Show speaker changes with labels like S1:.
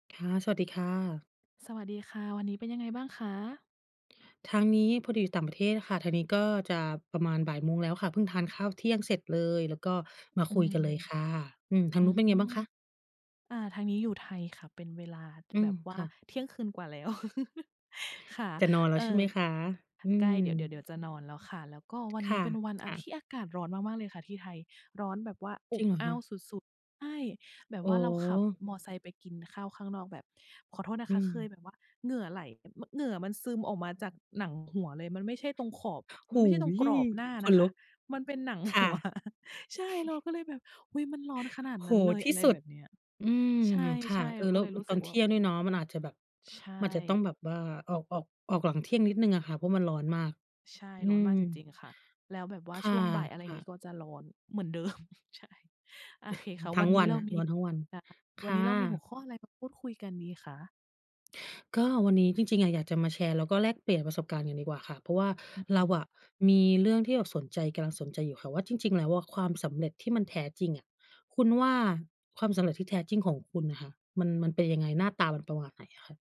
S1: ค่ะ สวัสดีค่ะ
S2: สวัสดีค่ะ วันนี้เป็นยังไงบ้างคะ?
S1: ทางนี้พอดีอยู่ต่างประเทศค่ะ ทางนี้ก็จะประมาณบ่ายโมงแล้วค่ะ เพิ่งทานข้าวเที่ยงเสร็จเลย แล้วก็มา
S2: อื
S1: คุยกัน
S2: ม
S1: เลยค่ะ อืม ทา
S2: อ
S1: ง
S2: ื
S1: นู้นเป็นไงบ้า
S2: ม
S1: งคะ?
S2: อ่า ทางนี้อยู่ไทยค่ะ เป็นเวลา
S1: อื
S2: แบ
S1: ม
S2: บว
S1: ค
S2: ่า
S1: ่ะ
S2: เที่ยงคืนกว่าแล้ว ค่ะ
S1: จะนอนแล
S2: เ
S1: ้
S2: อ่
S1: วใช่
S2: อ
S1: ไหมคะ? อื
S2: ใกล้เดี๋ยว เดี๋ยว
S1: ม
S2: เดี๋ยวจะนอนแล้วค่ะ แล้วก็วัน
S1: ค
S2: นี
S1: ่
S2: ้
S1: ะ
S2: เป็นวัน
S1: ค
S2: อา
S1: ่
S2: ท
S1: ะ
S2: ี่อากาศร้อนมากมากเลยค่ะที่ไทยร้อนแบบว่าอ
S1: จริ
S2: บ
S1: งเหรอ
S2: อ
S1: ค
S2: ้า
S1: ะ?
S2: วสุด ๆ ใช่ แบบ
S1: อ๋
S2: ว
S1: อ
S2: ่าเราขับมอไซค์ไปกินข้าวข้างนอกแบบ ขอโทษนะ
S1: อื
S2: คะ เค
S1: ม
S2: ยแบบว่าเหงื่อไหล [unintelligible] เหงื่อมันซึมออกมาจากหนังหัวเลย มันไม่ใช่ตรงขอบ ม
S1: ห
S2: ันไ
S1: ู
S2: ม่ใช่ตรง
S1: ย
S2: กรอบหน้า
S1: ข
S2: น
S1: น
S2: ะค
S1: ลุ
S2: ะ
S1: ก
S2: มันเป็นหนัง
S1: ค
S2: ห
S1: ่ะ
S2: ัว ใช่ เราก็เลยแบบ อุ้ย มันร้อนขนาด
S1: โอ้โฮ
S2: นั้นเลย
S1: ที
S2: อ
S1: ่
S2: ะไร
S1: สุ
S2: แ
S1: ด
S2: บบเนี้ย
S1: อืม
S2: ใช
S1: ค่ะ
S2: ่
S1: เอ
S2: ๆ เรา
S1: อ แ
S2: ก
S1: ล
S2: ็
S1: ้ว
S2: เลย
S1: อ
S2: รู้
S1: ต
S2: สึ
S1: อน
S2: ก
S1: เ
S2: ว
S1: ท
S2: ่า
S1: ี่
S2: อ
S1: ยง
S2: ื
S1: ด้ว
S2: ม
S1: ยเนาะ มันอาจจะแบบ
S2: ใช่
S1: มันอาจจะต้องแบบว่า ออก ออก ออกหลังเที่ยงนิดหนึ่งอะค่ะ เพราะมันร้อนมาก
S2: ใช่
S1: อื
S2: ร้อน
S1: ม
S2: มากจริง ๆ ค่ะ แล้วแบบว่า
S1: ค
S2: ช
S1: ่ะ
S2: ่วงบ่าย อะไร
S1: ค่
S2: งี
S1: ะ
S2: ้ ก็จะร้อนเหมือน เดิม ใช่ โอเคค่ะ
S1: ทั
S2: ว
S1: ้
S2: ัน
S1: ง
S2: น
S1: ว
S2: ี้
S1: ัน
S2: เรา
S1: อะ
S2: มี
S1: ร้อนทั้งวัน ค
S2: วัน
S1: ่
S2: นี้เรามีหัว
S1: ะ
S2: ข้ออะไรมาพูดคุยกันดีคะ?
S1: ก็วันนี้จริง ๆ อะยากจะมาแชร์แล้วก็แลกเปลี่ยนประสบการณ์กันดีกว่าค่ะ เพราะว่า
S2: อือฮ
S1: เรา
S2: ึ
S1: อะมีเรื่องที่แบบสนใจ กำลังสนใจอยู่ค่ะว่า จริง ๆ แล้วอะความสำเร็จที่มันแท้จริงอะ คุณว่าความสำเร็จที่แท้จริงของคุณอะค่ะ มัน มันเป็นยังไง? หน้าตามันประมาณไหนอะคะ?